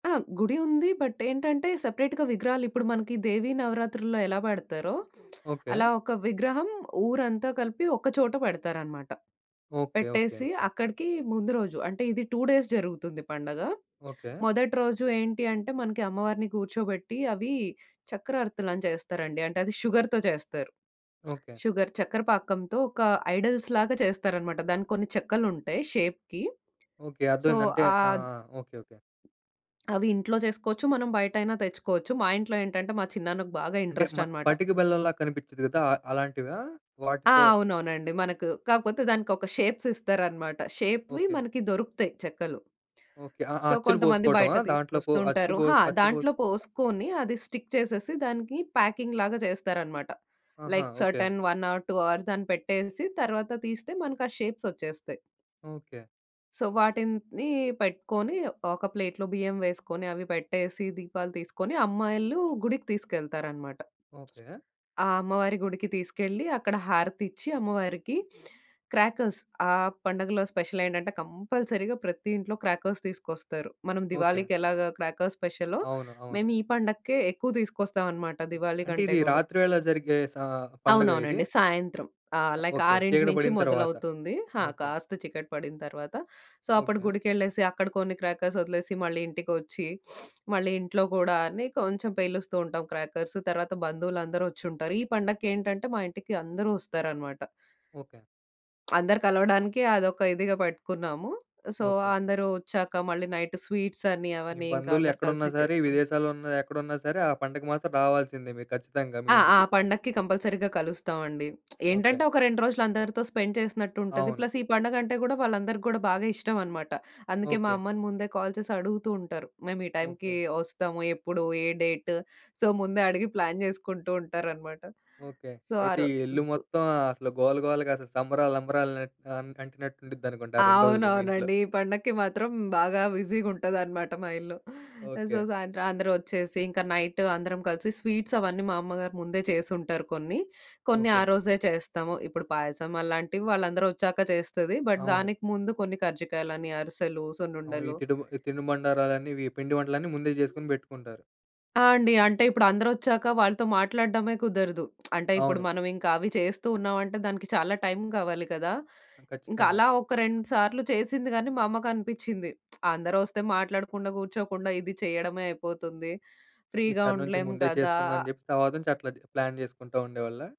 ఆ! గుడి ఉంది బట్ ఏంటంటే సెపరేట్‌గా విగ్రహాలిప్పుడు మనకి దేవీ నవరాత్రుల్లో ఎలా పెడతారో ఓకే. అలా ఒక విగ్రహం ఊరంతా కలిపి ఒక చోట పెడతారనమాట. ఓకే. ఓకే. పెట్టేసి ఓకే. అక్కడికి ముందు రోజు అంటే ఇది 2 డేస్ జరుగుతుంది పండగ. ఓకే. మొదటి రోజు ఏంటి అంటే మనకి అమ్మవారిని కూర్చోబెట్టి అవి చక్రర్తలు అని జేస్తారండి. అంటే అది షుగర్‌తో చేస్తారు. ఓకే. షుగర్ చక్కర పాకంతో ఒక ఐడిల్స్ లాగా చేస్తారనమాట. దానికి కొన్ని చెక్కలుంటాయి షేప్‌కి ఓకే. సో, అర్థమైందంటే ఆ! ఆహ్ ఓకే. ఓకే. అవి ఇంట్లో చేసుకోవచ్చు. మనం బయటైనా తెచ్చుకోవచ్చు. మా ఇంట్లో ఏంటంటే మా చిన్నన్నకు బాగా అంటే మ ఇంట్రెస్టనమాట. పట్టిక బెల్లంలా కనిపించిద్ది కదా! ఆహ్, అలాంటివా? ఆ! వాటితో అవునవునండి. మనకు కాకపోతే దానికొక షేప్స్ ఇస్తారన్నమాట. షేప్‌వి ఓకే. మనకి దొరుకుతాయి చెక్కలు. ఓకే. అ సో, అచ్చులు కొంతమంది బోసుకోవటమా బయట దాంట్లో పో అచ్చు తీసుకొస్తూంటారు. హా! బోస్, అచ్చు బోస్ దాంట్లో పోసుకొని అది స్టిక్ చేసేసి దానికి ప్యాకింగ్‌ లాగా జేస్తారన్నమాట. ఆహా! Like okay. Certain 1 or 2 hours దాన్ని పెట్టేసి తరువాత తీస్తే మనకా షేప్సొచ్చేస్తాయి. ఓకే. సో, వాటిని పెట్టుకొని ఒక ప్లేట్‌లో బియ్యం వేసుకొని అవి పెట్టేసి దీపాలు తీసుకొని అమ్మాయిలు గుడికి తీసుకెళ్తారన్నమాట. ఓకే. ఆ! అమ్మవారి గుడికి తీసుకెళ్లి అక్కడ హారతిచ్చి అమ్మవారికి క్రాకర్స్ ఆ పండగలో స్పెషలేంటంటే కంపల్సరీగా ప్రతి ఇంట్లో క్రాకర్స్ తీసుకొస్తారు. మనం ఓకే. దివాళీకెలాగా క్రాకర్స్ స్పెషలో, అవును. అవును. మేము ఈ పండగకే ఎక్కువ తీసుకొస్తామన్నమాట దివాళీ అంటే కంటే ఇది గూడా. రాత్రివేళ జరిగే స పండగా ఇది? అవునవునండి. సాయంత్రం ఆహ్, అ! Like okay. 6 చీకటి నుంచి బడిన తర్వాత. మొదలవుతుంది. హా! ఓకే. కాస్త చికటి పడిన తర్వాత. సో, అప్పుడు ఓకే. గుడికేళ్ళేసి అక్కడ కొన్ని క్రాకర్స్ ఒదిలేసి మళ్ళీ ఇంటికొచ్చి, మళ్ళీ ఇంట్లో కూడా అని కొంచెం పేలుస్తూ ఉంటాం క్రాకర్సు. తర్వాత బంధువులందరూ ఒచ్చుంటారు. ఈ పండగకేటంటే మా ఇంటికి అందరూ ఒస్తారనమాట. ఓకే. అందరు కలవడానికి అదొక ఇదిగా పెట్టుకున్నాము. So, okay. అందరూ ఒచ్చాక మళ్ళీ నైటు స్వీట్స్ అని మీ అవనీ ఇంకా అందరూ బంధువులెక్కడున్నా కలిసి సరే చేసుకున్నాం. విదేశాల్లో ఉన్న ఎక్కడున్నా సరే ఆ పండగకి మాత్రం రావాల్సిందే మీరు ఖచ్చితంగా మీ ఆ! ఆ ఇంటికి. పండక్కి కంపల్సరీగా కలుస్తాం అండి. ఓకే. ఏంటంటే ఒక 2 రోజులు అందరితో స్పెండ్ చేసినట్టు ఉంటది. అవును. ప్లస్ ఈ పండగంటే గూడా వాళ్ళందరికీ గూడా బాగా ఇష్టమన్నమాట. అందుకే మా ఓకే. అమ్మని ముందే కాల్ చేసి అడుగుతూ ఉంటారు. "మేము ఈ టైమ్‌కీ ఓకే. ఒస్తాము, ఎప్పుడు, ఏ డేటు," సో ముందే అడిగి ప్లాన్ జేసుకుంటూ ఉంటారనమాట. ఓకే. సో, ఆ అయితే ఈ ఇల్లు రోజు మొత్తం ఆహ్, అసలు గోలగోలగా అసలు సంబరాలు అంబరాలు నట్ అన్ అంటినట్టుండిద్దనుకుంటా! ఆ 2 రోజులు మీ ఇంట్లో. అవునవునండి. ఈ పండక్కి మాత్రం బాగా బిజీగుంటదనమాట మా ఇల్లు. So, okay. సాయంత్రం అందరూ ఒచ్చేసి ఇంకా నైటు అందరం కలిసి స్వీట్సవన్నీ మా అమ్మగారు ముందే చేసుంటారు కొన్ని. కొన్ని ఆ ఓకే. రోజే చేస్తాము. ఇప్పుడు పాయసం అలాంటివి వాళ్ళందరూ ఒచ్చాక చేస్తది. బట్ అవును. దానికి ముందు కొన్ని కర్జికాయలు, అరిసెలు, అవు ఈ సున్నుండలు తిడు బ్ తినుబండారాలన్నీ ఇవి పిండి వంటలన్నీ ముందే జేసుకొని బెట్టుకుంటారు. ఆ! అండి. అంటే ఇప్పుడు అందరొచ్చాక వాళ్ళతో మాట్లాడడమే కుదరదు. అంటే ఇప్పుడు అవును. మనమింక అవి చేస్తూ ఉన్నామంటే దానికి చాలా టైమ్ కావాలి కదా! అ! ఇంకా ఖచ్చితంగా. అలా ఒక 2 సార్లు చేసింది గానీ మా అమ్మకనిపిచ్చింది, అందరూ ఒస్తే మాట్లాడకుండా కూర్చోకుండా ఇది చేయడమే అయిపోతుంది. ఫ్రీగా ఈసారి నుంచి ఉండలేం ముందే కదా! జేసుకుందాం అని జెప్పి తర్వాత నుంచి అట్లా చ్ ప్లాన్ చేసుకుంటా ఉండేవాళ్ళ?